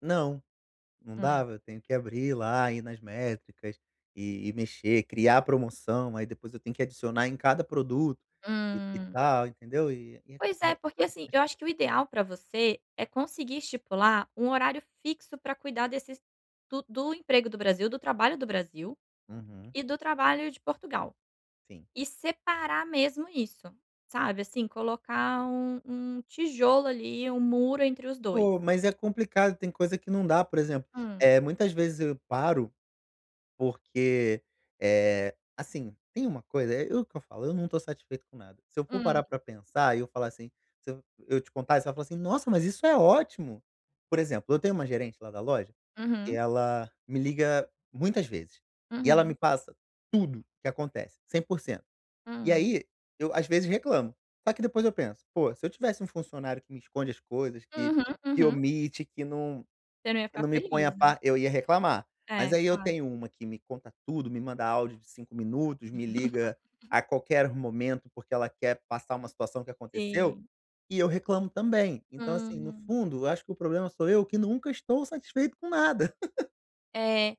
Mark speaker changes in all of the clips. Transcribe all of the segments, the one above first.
Speaker 1: Não, não
Speaker 2: Hum.
Speaker 1: dava eu tenho que abrir, lá, ir nas métricas e e mexer, criar promoção, aí depois eu tenho que adicionar em cada produto, e e
Speaker 2: Hum.
Speaker 1: tal, entendeu? E e é
Speaker 2: Pois é porque,
Speaker 1: é
Speaker 2: assim, eu
Speaker 1: chatinho.
Speaker 2: acho que o ideal pra você é conseguir estipular um horário fixo pra cuidar desses do do emprego do Brasil, do trabalho do Brasil
Speaker 1: Uhum.
Speaker 2: e do trabalho de Portugal.
Speaker 1: Sim.
Speaker 2: E separar mesmo isso, sabe, assim, colocar um um tijolo, ali, um muro entre os 2.
Speaker 1: Pô, mas é complicado tem coisa que não dá, por exemplo,
Speaker 2: Hum.
Speaker 1: eh, muitas vezes eu paro, porque, eh, assim, tem uma coisa, é é o que eu falando, eu não tô satisfeito com nada. Se eu for
Speaker 2: Hum.
Speaker 1: parar pra pensar e eu falar, assim, se eu eu te contar e você vai falar assim: "Nossa, mas isso é ótimo!" Por exemplo, eu tenho uma gerente lá da loja que
Speaker 2: Uhum.
Speaker 1: ela, me liga muitas vezes, e ela me
Speaker 2: Uhum.
Speaker 1: passa tudo que acontece, 100% e
Speaker 2: Hum.
Speaker 1: aí, eu às vezes reclamo. Só que depois eu penso: "Pô, se eu tivesse um funcionário que me esconde as coisas, que
Speaker 2: Uhum,
Speaker 1: que
Speaker 2: uhum.
Speaker 1: omite, que não
Speaker 2: Você não ia
Speaker 1: que
Speaker 2: ficar
Speaker 1: não me ponha a
Speaker 2: feliz, né?
Speaker 1: pa eu ia reclamar", mas
Speaker 2: É,
Speaker 1: aí eu
Speaker 2: claro.
Speaker 1: tenho uma que me conta tudo, me manda áudio de 5 minutos, me liga a qualquer momento, porque ela quer passar uma situação que aconteceu
Speaker 2: Sim.
Speaker 1: e eu reclamo também. Então, assim, no
Speaker 2: Hum.
Speaker 1: fundo, eu acho que o problema sou eu, que nunca estou satisfeito com nada.
Speaker 2: É.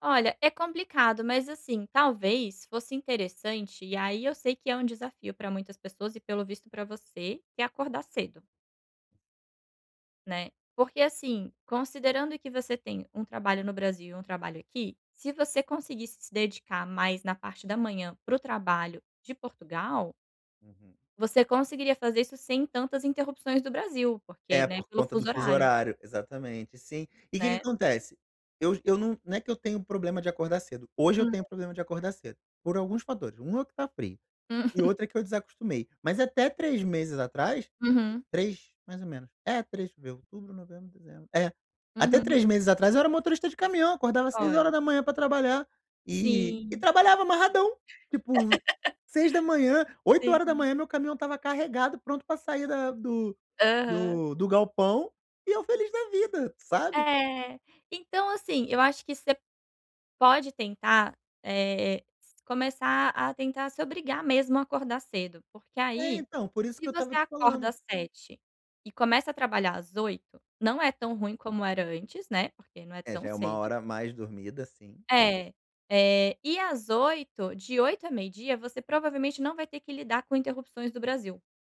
Speaker 2: Olha é complicado, mas, assim, talvez fosse interessante e aí eu sei que é um desafio pra muitas pessoas e pelo visto pra você, que é acordar cedo né. Porque, assim, considerando que você tem um trabalho no Brasil e um trabalho aqui, se você conseguisse se dedicar mais na parte da manhã para o trabalho de Portugal
Speaker 1: Uhum.
Speaker 2: você conseguiria fazer isso sem tantas interrupções do Brasil, porque,
Speaker 1: É,
Speaker 2: né,
Speaker 1: por
Speaker 2: pelo
Speaker 1: conta do
Speaker 2: fuso
Speaker 1: fuso
Speaker 2: horário
Speaker 1: horário, exatamente sim. E que que
Speaker 2: né.
Speaker 1: acontece? Eu j eu não não é que eu tenho problema de acordar cedo, hoje eu
Speaker 2: Hum.
Speaker 1: tenho problema de acordar cedo, por alguns fatores, 1 é que tá frio,
Speaker 2: Hum.
Speaker 1: e outro é que eu desacostumei. Mas até 3 meses atrás,
Speaker 2: Uhum.
Speaker 1: 3 mais ou menos, é, 3 ver outubro, novembro, dezembro. È, até
Speaker 2: Uhum.
Speaker 1: 3 meses atrás eu era motorista de caminhão, acordava seis
Speaker 2: Olha.
Speaker 1: horas da manhã pra trabalhar, e e
Speaker 2: Sim.
Speaker 1: trabalhava amarradão. Tipo, 6h, oito hora da
Speaker 2: Sim.
Speaker 1: manhã meu caminhão estava carregado, pronto pra sair da do
Speaker 2: Aham.
Speaker 1: do do galpão e eu feliz da vida, sabe.
Speaker 2: É, então, assim, eu acho que você pode tentar, eh, s começar a tentar se obrigar mesmo a acordar cedo porque
Speaker 1: É,
Speaker 2: aí,
Speaker 1: então, por isso
Speaker 2: se
Speaker 1: que eu
Speaker 2: você
Speaker 1: estava te
Speaker 2: acorda
Speaker 1: falando.
Speaker 2: às 7h e começa a trabalhar às 8h, não é tão ruim como era antes, né, porque não é
Speaker 1: É,
Speaker 2: tão
Speaker 1: já é 1
Speaker 2: cedo
Speaker 1: hora a mais dormida, sim.
Speaker 2: É, eh, e às 8h, de 8h à meio-dia você provavelmente não vai ter que lidar com interrupções do Brasil.